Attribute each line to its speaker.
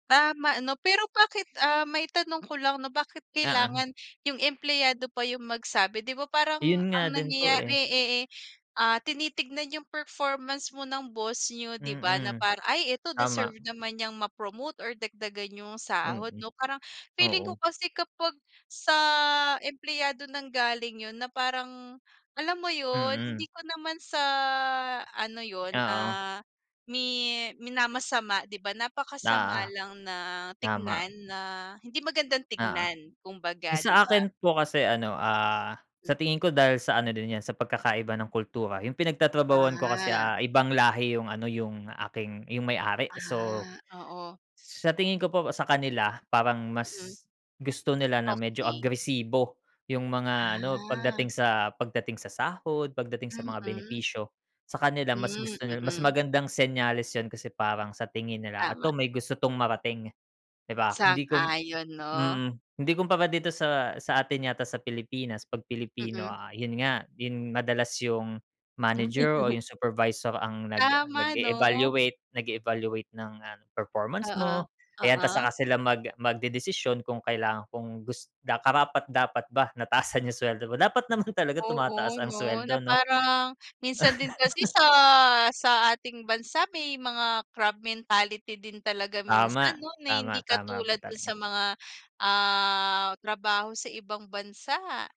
Speaker 1: Tama 'no, pero bakit, ah, maitanong ko lang 'no, bakit
Speaker 2: Uh, uh.
Speaker 1: kailangan yung empleyado pa yung magsabi di ba parang
Speaker 2: Yun
Speaker 1: ang
Speaker 2: nga din po
Speaker 1: nangyayari
Speaker 2: eh.
Speaker 1: eh, ah, tinitignan yung performance mo ng boss niyo di ba na
Speaker 2: Mm.
Speaker 1: parang, "Ay ito,
Speaker 2: Tama.
Speaker 1: deserve naman niyang ma-promote or dagdagan yung sahod",
Speaker 2: Mm.
Speaker 1: 'no, parang feeling ko
Speaker 2: Oo.
Speaker 1: kasi kapag sa empleyado nanggaling yun na parang alam mo yun, hindi
Speaker 2: Mm.
Speaker 1: ko naman sa ano yun,
Speaker 2: Oo.
Speaker 1: ah, mi minamasama di ba,
Speaker 2: Oo.
Speaker 1: napakasama lang na
Speaker 2: Tama.
Speaker 1: tingnan na hindi magandang
Speaker 2: Oo.
Speaker 1: tignan
Speaker 2: Yung
Speaker 1: kumbaga di
Speaker 2: sa
Speaker 1: ba?
Speaker 2: akin po kasi ano, ah, sa
Speaker 1: Mm.
Speaker 2: tingin ko dahil sa ano din yan sa pagkakaiba ng kultura. yung pinagtatrabahuhan ko kasi,
Speaker 1: Ah.
Speaker 2: ah, ibang lahi yung ano yung aking yung may ari so
Speaker 1: Ah, oo.
Speaker 2: sa tingin ko po sa kanila parang mas
Speaker 1: Mm.
Speaker 2: gusto nila na medyo
Speaker 1: Okey.
Speaker 2: agresibo yung mga ano
Speaker 1: Ah.
Speaker 2: pagdating sa pagdating sa sahod, pagdating sa mga
Speaker 1: Mm.
Speaker 2: benepisyo. Sa kanila mas
Speaker 1: Hmm,
Speaker 2: gusto nila, mas
Speaker 1: mm.
Speaker 2: magandang senyales yun kasi parang sa tingin nila, "Eto,
Speaker 1: Tama.
Speaker 2: may gusto 'tong marating", di ba? Hindi kom
Speaker 1: Sang-ayon 'no.
Speaker 2: mm. Hindi kumpara dito sa, sa atin yata sa Pilipinas, pag Pilipino,
Speaker 1: Mm.
Speaker 2: ah yun nga yun madalas yung manager o yung supervisor ang nag
Speaker 1: Tama 'no?
Speaker 2: nag-e-evaluate nag-evaluate ng ah, performance
Speaker 1: Oo.
Speaker 2: mo. 'Yan 'tas
Speaker 1: Oo?
Speaker 2: saka sila mag magdedesisyon kung kailangan kung gus karapatdapat ba na taasan yung sweldo mo, dapat naman talaga
Speaker 1: Oo,
Speaker 2: tumataas ang
Speaker 1: 'no na
Speaker 2: sweldo no?
Speaker 1: parang minsan din kasi sa, sa ating bansa may mga crab mentality din talaga minsan
Speaker 2: Tama,
Speaker 1: 'no na hindi
Speaker 2: tama, tama po
Speaker 1: katulad dun sa
Speaker 2: talaga.
Speaker 1: mga, ah, trabaho sa ibang bansa.